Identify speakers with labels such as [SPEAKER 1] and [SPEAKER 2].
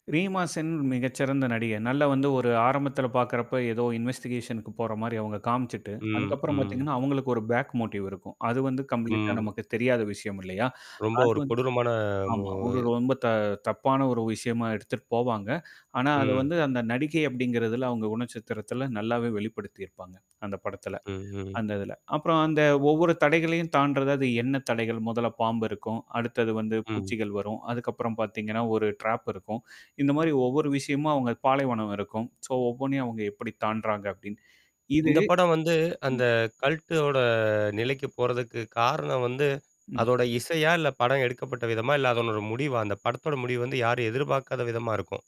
[SPEAKER 1] ரீமாசென் மிகச்சிறந்த நடிகை. நல்ல வந்து ஒரு ஆரம்பத்தில பார்க்கறப்ப ஏதோ இன்வெஸ்டிகேஷன்க்கு போற மாரி அவங்க காமிச்சுட்டு
[SPEAKER 2] ம்,
[SPEAKER 1] அதுக்கப்புறம்
[SPEAKER 2] ம்.
[SPEAKER 1] பார்த்தீங்கன்னா, அவங்களுக்கு ஒரு பேக் மோட்டிவ் இருக்கும். அது வந்து கம்ப்ளீட்டா
[SPEAKER 2] ம்.
[SPEAKER 1] நமக்கு தெரியாத விஷயம் இல்லையா?
[SPEAKER 2] ரொம்ப
[SPEAKER 1] அது
[SPEAKER 2] ஒரு
[SPEAKER 1] வந்து
[SPEAKER 2] கொடூரமான மூ
[SPEAKER 1] ஆமா. ஒரு ரொம்ப த தப்பான ஒரு விஷயமா எடுத்துட்டு போவாங்க. ஆனா அத
[SPEAKER 2] ம்.
[SPEAKER 1] வந்து அந்த நடிகை அப்படிங்கறதுல அவங்க குணச்சத்திரத்தில நல்லாவே வெளிப்படுத்தியிருப்பாங்க. அந்த படத்தில.
[SPEAKER 2] ம், ம்.
[SPEAKER 1] அந்த இதுல. அப்புறம் அந்த ஒவ்வொரு தடைகளையும் தாண்டுறது அது எண்ண தடைகள், முதல்ல பாம்பு இருக்கும். அடுத்தது வந்து
[SPEAKER 2] ம்.
[SPEAKER 1] பூச்சிகள் வரும். அதுக்கப்புறம் பார்த்தீங்கன்னா ஒரு ட்ராப் இருக்கும். இந்த மாரி ஒவ்வொரு விஷயமா அவங்க பாலைவனம் இருக்கும். சோ ஒவ்வொண்ணையும் அவங்க எப்படி தாண்டுறாங்க அப்படின்னு. இது
[SPEAKER 2] இந்த படம் வந்து
[SPEAKER 1] ம்.
[SPEAKER 2] அந்த கல்ட்டோட நிலைக்கு போறதுக்கு காரணம் வந்து.
[SPEAKER 1] ம்.
[SPEAKER 2] அதோட இசையா, இல்ல படம் எடுக்கப்பட்ட விதமா? இல்ல அதனோட முடிவா? அந்த படத்தோட முடிவு வந்து, யாரும் எதிர்பார்க்காத விதமா இருக்கும்.